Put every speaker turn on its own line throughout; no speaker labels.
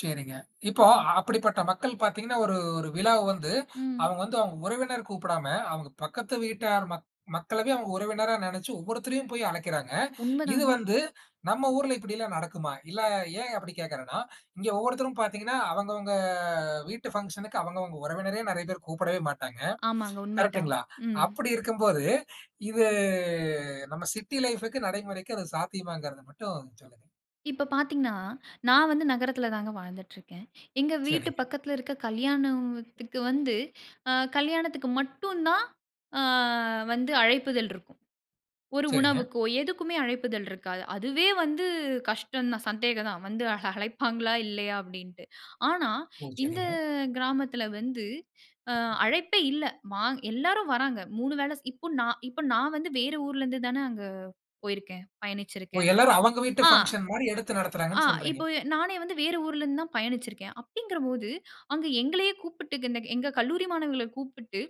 சரிங்க. இப்போ
ம்.
அப்படிப்பட்ட மக்கள் பார்த்தீங்கன்னா ஒரு ஒரு விழாவ வந்து
ம்.
அவுங்க வந்து அவுங்க உறவினர் கூப்பிடாம, அவுங்க பக்கத்து வீட்டார் மக் மக்களவே அவுங்க உறவினரா நெனைச்சு ஒவ்வொருத்தரையும் போய் அழைக்கிறாங்க. இது
உண்மதாங்க.
வந்து நம்ம ஊர்ல இப்பிடியெல்லாம் நடக்குமா? இல்ல ஏன் அப்பிடி கேட்கிறேன்னா, இங்க ஒவ்வொருத்தரும் பார்த்தீங்கன்னா, அவங்க, அவங்க வீட்டு ஃபங்ஷனுக்கு அவங்க அவங்க உறவினரே நெறைய பேர் கூப்பிடவே மாட்டாங்க.
ஆமாங்க. உண்மை தான்.
கரெக்ட்டுங்களா?
ம்.
அப்பிடி இருக்கும்போது இது நம்ம சிட்டி லைஃப்க்கு நடைமுறைக்கு அது சாத்தியமாங்கிறத மட்டும் சொல்லுங்க.
இப்ப பார்த்தீங்கன்னா, நான் வந்து நகரத்தில தாங்க வாழ்ந்துட்டுருக்கேன். எங்க வீட்டு
சரிங்க.
பக்கத்தில இருக்க கல்யாணத்துக்கு வந்து அ கல்யாணத்துக்கு மட்டும் தான், அ வந்து அழைப்பிதழ் இருக்கும். ஒரு
சரிங்க.
உணவுக்கோ! எதுக்குமே அழைப்பிதழ் இருக்காது. "அதுவே வந்து கஷ்டம் தான், சந்தேகம் தான், வந்து அழைப்பாங்களா? இல்லயா!" அப்பிடீன்ட்டு. ஆனா,
உ.
இந்த
சரிங்க.
கிராமத்தில வந்து அ அழைப்பே இல்ல. வா எல்லாரும் வராங்க. 3 வேள ஸ் இப்போ நான் இப்ப நான் வந்து வேற ஊர்லேருந்து தான அங்க போயிருக்கேன்,
ஓ!
பயணிச்சிருக்கேன்.
எல்லாரும் அவுங்க வீட்டு
ஆ,
ஃபங்ஷன் மாரி எடுத்து
ஆ,
நடத்துறாங்கன்னு சொல்றீங்க.
இப்ப நானே வந்து வேற ஊர்லேருந்து தான் பயணிச்சிருக்கேன். அப்பிடீங்கிறபோது அங்க எங்களையே கூப்பிட்டு க இந்த எங்க கல்லூரி மாணவர்கள கூப்பிட்டு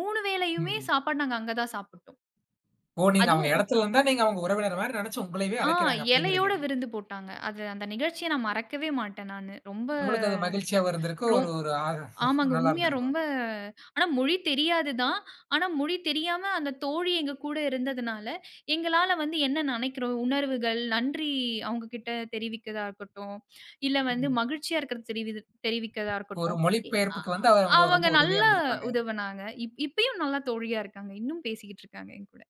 3 வேளையுமே
ம்.
சாப்பாடு நாங்க அங்க தான் சாப்பிட்டோம். அதுவும்
ஓ! நீங்க அவுங்க
அதுவும்
எடத்தில இருந்தா, நீங்க அவுங்க உறவினர்மாரி நெனைச்சு உங்களயவே
ஆ,
அழைக்கிறாங்க, அப்பிடீங்கிறீங்க.
இலையோட விருந்து போட்டாங்க. அது அந்த நிகழ்ச்சிய நான் மறக்கவே மாட்டேன் நானு. ரொம்ப,
உங்களுக்கு அது மகிழ்ச்சியாவும் இருந்திருக்கும். ஒரு,
ரொம்
ஒரு, ஆறு
ஆமாங்க.
நல்லா
உண்மையா
இருந்திருக்கும்.
ரொம்ப, ஆனா, மொழி தெரியாது தான். ஆனா மொழி தெரியாம அந்த தோழி எங்ககூட இருந்ததனால எங்களால வந்து என்ன நெனைக்கிறோம், உணர்வுகள், நன்றி அவங்கக்கிட்ட தெரிவிக்கிறதா இருக்கட்டும், இல்ல வந்து
ம்.
மகிழ்ச்சியா இருக்கிறத தெரிவிது தெரிவிக்கிறதா
ஒரு
இருக்கட்டும்.
மொழி
எ அ
பெயர்ப்புக்கு வந்து, அவுங்க
அவங்க
ரொம்ப உதவியா
நல்லா
இருந்திருப்பாங்க.
உதவுனாங்க. இப் இப்பயும் நல்ல தோழியா இருக்காங்க. இன்னும் பேசிக்கிட்டுருக்காங்க. என்கூட.